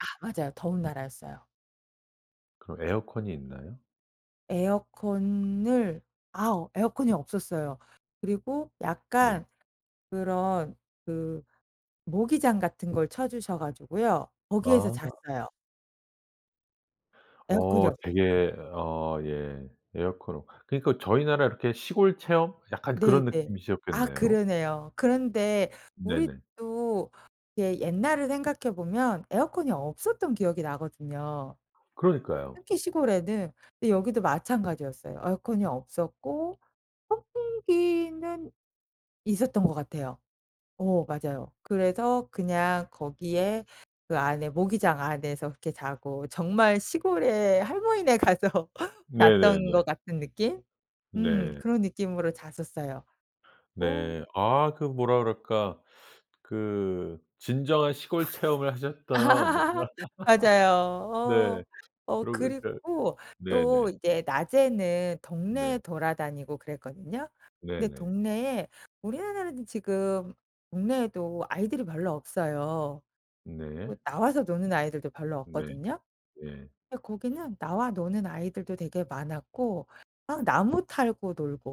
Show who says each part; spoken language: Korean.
Speaker 1: 아 맞아요. 더운 나라였어요.
Speaker 2: 그럼 에어컨이 있나요?
Speaker 1: 에어컨을 아 어 에어컨이 없었어요. 그리고
Speaker 2: 네.
Speaker 1: 약간 그런 그 모기장 같은 걸 쳐 주셔 가지고요. 거기에서
Speaker 2: 아.
Speaker 1: 잤어요. 에어컨이
Speaker 2: 어
Speaker 1: 없었어요.
Speaker 2: 되게 어 예 에어컨 없 그러니까 저희 나라 이렇게 시골 체험 약간 그런
Speaker 1: 네네. 아
Speaker 2: 느낌이셨겠네요.
Speaker 1: 그러네요. 그런데
Speaker 2: 네네.
Speaker 1: 우리도 예 옛날을 생각해 보면 에어컨이 없었던 기억이 나거든요
Speaker 2: 그러니까요.
Speaker 1: 특히 시골에는. 근데 여기도 마찬가지였어요. 에어컨이 없었고 선풍기는 있었던 것 같아요. 어 맞아요. 그래서 그냥 거기에 그 안에 모기장 안에서 그렇게 자고 정말 시골에 할머니네 가서 잤던
Speaker 2: 네네네.
Speaker 1: 것 같은 느낌 음
Speaker 2: 네.
Speaker 1: 그런 느낌으로 잤었어요. 어.
Speaker 2: 네. 아 그 뭐라 그럴까 그 진정한 시골 체험을 하셨던.
Speaker 1: 맞아요.
Speaker 2: 네.
Speaker 1: 어. 어
Speaker 2: 그럼 이렇게
Speaker 1: 그리고 또
Speaker 2: 네네.
Speaker 1: 이제 낮에는 동네에
Speaker 2: 네.
Speaker 1: 돌아다니고 그랬거든요. 근데
Speaker 2: 네네.
Speaker 1: 동네에 우리나라는 지금 동네에도 아이들이 별로 없어요. 뭐
Speaker 2: 네.
Speaker 1: 나와서 노는 아이들도 별로
Speaker 2: 네.
Speaker 1: 없거든요?
Speaker 2: 예.
Speaker 1: 근데 거기는 나와 노는 아이들도 되게 많았고 막 나무 타고 놀고.